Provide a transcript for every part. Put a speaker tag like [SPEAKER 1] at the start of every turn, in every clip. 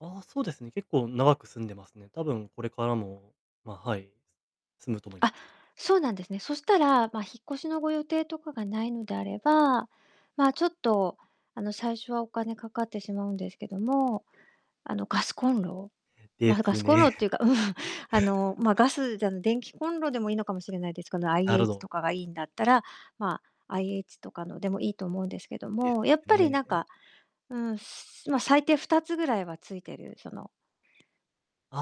[SPEAKER 1] あ、そうですね。結構長く住んでますね。多分これからも、ま、はい、住むと思いま
[SPEAKER 2] あ、
[SPEAKER 1] す。
[SPEAKER 2] そうなんですね。そしたら、ま、引っ越しのご予定とかが無いのであれば、ま、ちょっと、あの、最初はお金かかってしまうんですけども、あのガスコンロ、
[SPEAKER 1] で
[SPEAKER 2] ま、ガ
[SPEAKER 1] す
[SPEAKER 2] スコンロ
[SPEAKER 1] ね。
[SPEAKER 2] っていうか、うん、あの、ま、ガ スじゃん電気コンロでもいいのかもしれないです。この
[SPEAKER 1] なるほ
[SPEAKER 2] IH
[SPEAKER 1] ど。
[SPEAKER 2] とかがいいんだったら、まあ、IH とかのでもいいと思うんですけど
[SPEAKER 1] で
[SPEAKER 2] も、やっぱ
[SPEAKER 1] す
[SPEAKER 2] り
[SPEAKER 1] ね。
[SPEAKER 2] なんか、うん、すま、最低2つぐらいはついてる、その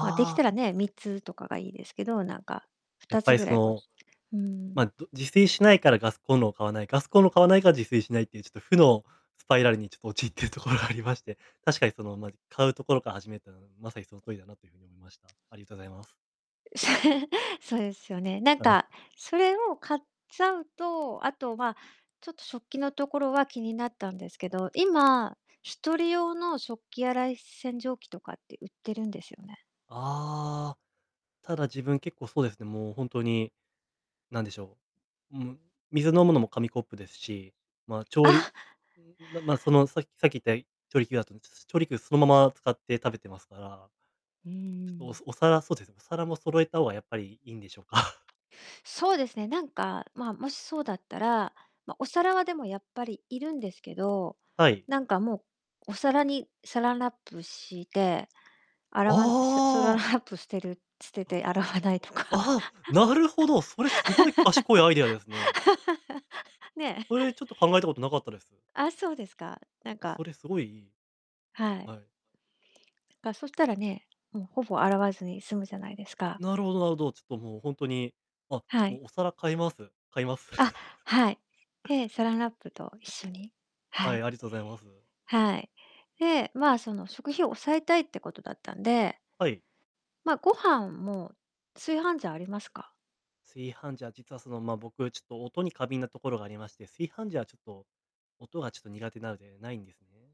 [SPEAKER 2] ま、出来
[SPEAKER 1] あ。
[SPEAKER 2] たらね、3つとかがいいですけど、なんかふ
[SPEAKER 1] やっ
[SPEAKER 2] た
[SPEAKER 1] ぱ
[SPEAKER 2] つ
[SPEAKER 1] り
[SPEAKER 2] ぐ
[SPEAKER 1] そ
[SPEAKER 2] らいこ
[SPEAKER 1] の、
[SPEAKER 2] うう
[SPEAKER 1] ま、
[SPEAKER 2] ん。
[SPEAKER 1] ど、自炊しないからガスコンロを買わない、ガスコンロを買わないから自炊しないっていう、ちょっと負のスパイラルにちょっと陥ってるところがありまして、確かにその、ま、買うところから始めるてのは、まさにその通りだなという風に思いました。ありとざいます。
[SPEAKER 2] そうですよね。なん
[SPEAKER 1] はい。
[SPEAKER 2] か、それを買っちゃうと、あとは、ちょっと食器のところは気になったんですけど、今1人用の食器洗い洗浄機とかって売ってるんですよね。
[SPEAKER 1] ああ。ただ自分結構そうですね、もうほんとに、なんでしょう、ん、水飲むのも紙コップですし、ま、調
[SPEAKER 2] あ
[SPEAKER 1] 理、んん、ま、その、ささっき言った、調理器だと、つつ、調理器をそのまま使って食べてますから。
[SPEAKER 2] う
[SPEAKER 1] ちょっと、お
[SPEAKER 2] ん。
[SPEAKER 1] す、お皿、そうですねお皿も揃えた方がやっぱりいいんでしょうか？
[SPEAKER 2] そうですね。なんか、ま、もしそうだったら、ま、お皿はでもやっぱり要るんですけど、
[SPEAKER 1] はい。
[SPEAKER 2] なんかもうお皿にサランラップして、洗わんさサ
[SPEAKER 1] あ
[SPEAKER 2] ラン
[SPEAKER 1] あ。
[SPEAKER 2] ラップ捨てる捨てて洗わないとか。
[SPEAKER 1] ああ、なるほど。それすごい賢いアイデアですね。
[SPEAKER 2] ね。
[SPEAKER 1] それ、ちょっと考えたことなかったです。
[SPEAKER 2] あ、そうですか、なん
[SPEAKER 1] あ、
[SPEAKER 2] か
[SPEAKER 1] それすごいいい。
[SPEAKER 2] はい。
[SPEAKER 1] はい。
[SPEAKER 2] かそしたらね、もうほぼ洗わずに済むじゃないですか。
[SPEAKER 1] なるほどなるほど。ちょっともうほんとに、あ、
[SPEAKER 2] はい。
[SPEAKER 1] もうお皿買います。買います。
[SPEAKER 2] あ、はい。ええ、サランラップと一緒に、は
[SPEAKER 1] はい、
[SPEAKER 2] い。
[SPEAKER 1] ありがとうざいます。
[SPEAKER 2] はい。で、まあ、その食費を抑えたいってことだったんで
[SPEAKER 1] はい。
[SPEAKER 2] まあ、ご飯も、炊飯ジャーありますか？
[SPEAKER 1] 炊飯時は実はその、ま、僕ちょっと音に過敏なところがありまして、炊飯時はちょっと、音がちょっと苦手なのでないんですね。